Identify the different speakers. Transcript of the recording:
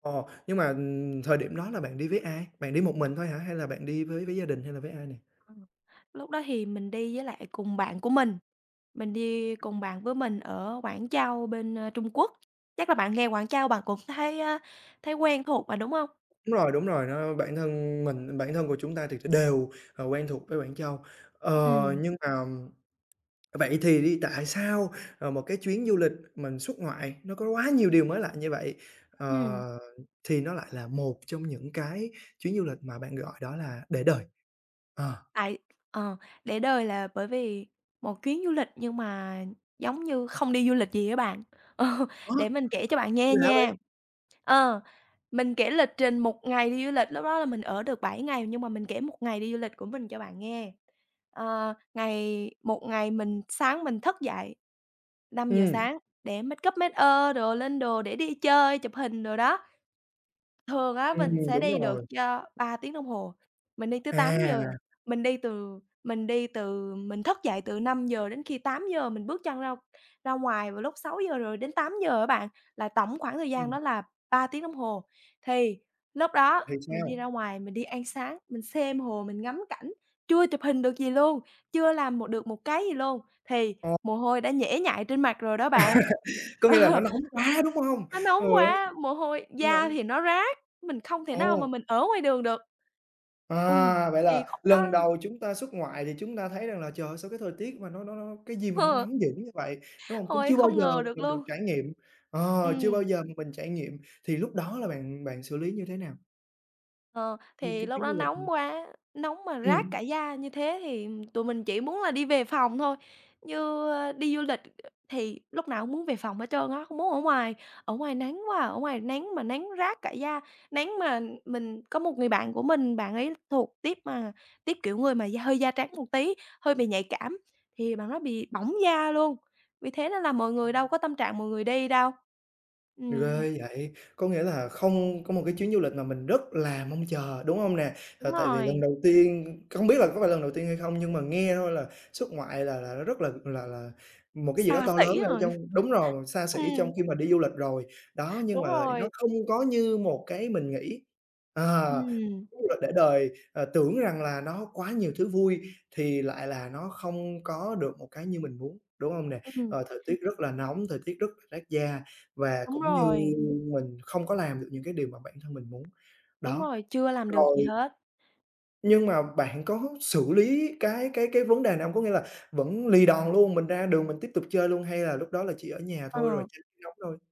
Speaker 1: Ồ! Nhưng mà, ừm, thời điểm đó là bạn đi với ai? Bạn đi một mình thôi hả? Hay là bạn đi với với gia đình hay là với ai nè?
Speaker 2: Ừm, lúc đó thì mình đi với lại cùng bạn của mình, mình đi cùng bạn với mình ở Quảng Châu bên, ơ, Trung Quốc. Chắc là bạn nghe Quảng Châu bạn cũng thấy á thấy quen thuộc mà, đúng hông?
Speaker 1: Đúng rồi, đúng rồi đó. Bản thân mình bản thân của chúng ta thiệt ra đều, à, quen thuộc với Quảng Châu. Ờ,
Speaker 2: Ừm.
Speaker 1: nhưng mà vậy thì đi, tại sao, à, một cái chuyến du lịch mình xuất ngoại nó có quá nhiều điều mới lạ như vậy,
Speaker 2: Ừm.
Speaker 1: ờ, thì nó lại là một trong những cái chuyến du lịch mà bạn gọi đó là để đời? Ờ.
Speaker 2: Tại, ờ, để đời là bởi vì một chuyến du lịch nhưng mà giống như không đi du lịch gì á bạn. Ờ,
Speaker 1: Đó
Speaker 2: để
Speaker 1: [unintelligible]
Speaker 2: mình kể cho bạn
Speaker 1: Gì
Speaker 2: nghe
Speaker 1: lạ
Speaker 2: nha.
Speaker 1: vậy?
Speaker 2: Ờ, mình kể lịch trình một ngày đi du lịch, lúc đó là mình ở được 7 ngày nhưng mà mình kể một ngày đi du lịch của mình cho bạn nghe. Ờ, ngày một ngày mình sáng mình thức dậy 5:00
Speaker 1: Ừm.
Speaker 2: sáng để make up, make ơ đồ, lên đồ để đi chơi, chụp hình đồ đó. Thường á mình
Speaker 1: Ừm,
Speaker 2: sẽ
Speaker 1: đúng
Speaker 2: đi được
Speaker 1: rồi.
Speaker 2: cho 3 tiếng đồng hồ, mình đi tới 8:00.
Speaker 1: À!
Speaker 2: Mình đi từ mình đi từ mình thức dậy từ 5:00 đến khi 8:00, mình bước chân ra ra ngoài vào lúc 6:00 rồi đến 8:00 á bạn, là tổng khoảng thời gian
Speaker 1: Ừm.
Speaker 2: đó là 3 tiếng đồng hồ. Thì lúc đó
Speaker 1: Thì
Speaker 2: mình đi ra
Speaker 1: sao?
Speaker 2: ngoài mình đi ăn sáng, mình xem hồ, mình ngắm cảnh, chưa chụp hình được gì luôn, chưa làm một được một cái gì luôn, thì
Speaker 1: Ờ.
Speaker 2: mồ hôi đã nhễ nhại trên mặt rồi đó bạn.
Speaker 1: Có
Speaker 2: Ờ,
Speaker 1: nghĩa là nó nóng quá, đúng hông?
Speaker 2: nó nóng
Speaker 1: Trời ơi,
Speaker 2: quá, mồ hôi
Speaker 1: nó
Speaker 2: da
Speaker 1: nóng!
Speaker 2: thì nó rát, mình không thể nào mà
Speaker 1: Ồ!
Speaker 2: mình ở ngoài đường được. Ừm,
Speaker 1: À, vậy
Speaker 2: thì
Speaker 1: là
Speaker 2: khúc
Speaker 1: lần
Speaker 2: đó
Speaker 1: đầu chúng ta xuất ngoại thì chúng ta thấy rằng là "Trời ơi, sao cái thời tiết mà nó nó nó cái gì mà nó
Speaker 2: Hơ.
Speaker 1: nóng dữ như vậy!", đúng hông? Cũng
Speaker 2: Hôi,
Speaker 1: chưa bao
Speaker 2: không
Speaker 1: giờ
Speaker 2: ngờ được
Speaker 1: mình được
Speaker 2: luôn.
Speaker 1: trải nghiệm, ờ, chưa bao
Speaker 2: Ừm.
Speaker 1: giờ mà mình trải nghiệm, thì lúc đó là bạn bạn xử lý như thế nào?
Speaker 2: Ờ,
Speaker 1: Nguyên
Speaker 2: thì
Speaker 1: cái
Speaker 2: lúc
Speaker 1: chuyến
Speaker 2: đó
Speaker 1: du lịch hả?
Speaker 2: nóng quá, nóng mà rát cả
Speaker 1: Ừm.
Speaker 2: da như thế thì tụi mình chỉ muốn là đi về phòng thôi. Như đi du lịch thì lúc nào cũng muốn về phòng hết trơn á, không muốn ở ngoài. Ở ngoài nắng quá à, ở ngoài nắng mà nắng rát cả da, nắng mà mình có một người bạn của mình, bạn ấy thuộc tuýp mà tuýp kiểu người mà da hơi da trắng một tí, hơi bị nhạy cảm, thì bạn đó bị bỏng da luôn. Vì thế nên là mọi người đâu có tâm trạng mọi người đi đâu. Ừm.
Speaker 1: Ghê vậy, có nghĩa là không có một cái chuyến du lịch mà mình rất là mong chờ, đúng hông nè? Là
Speaker 2: Đúng
Speaker 1: tại vì lần
Speaker 2: rồi.
Speaker 1: đầu tiên không biết là có phải lần đầu tiên hay không nhưng mà nghe thôi là xuất ngoại là là nó rất là là là một cái gì đó
Speaker 2: Xa
Speaker 1: to
Speaker 2: xỉ
Speaker 1: lớn ở
Speaker 2: rồi.
Speaker 1: trong đúng rồi, xa xỉ trong
Speaker 2: Ừm.
Speaker 1: khi mà đi du lịch rồi. Đó, nhưng
Speaker 2: Đúng
Speaker 1: mà lại
Speaker 2: rồi.
Speaker 1: nó không có như một cái mình nghĩ. Ờ,
Speaker 2: Ừm.
Speaker 1: chuyến du lịch để đời, ờ, tưởng rằng là nó quá nhiều thứ vui thì lại là nó không có được một cái như mình muốn, đúng hông nè?
Speaker 2: Ừm.
Speaker 1: Ờ, thời tiết rất là nóng, thời tiết rất là rát da và
Speaker 2: Đúng
Speaker 1: cũng như
Speaker 2: rồi.
Speaker 1: mình không có làm được những cái điều mà bản thân mình muốn.
Speaker 2: Đúng
Speaker 1: Đó,
Speaker 2: rồi, chưa làm được gì
Speaker 1: rồi
Speaker 2: hết.
Speaker 1: nhưng mà bạn có xử lý cái cái cái vấn đề này hông? Có nghĩa là vẫn lì đòn luôn, mình ra đường mình tiếp tục chơi luôn hay là lúc đó là chỉ ở nhà thôi rồi
Speaker 2: Ờ.
Speaker 1: tránh nóng thôi?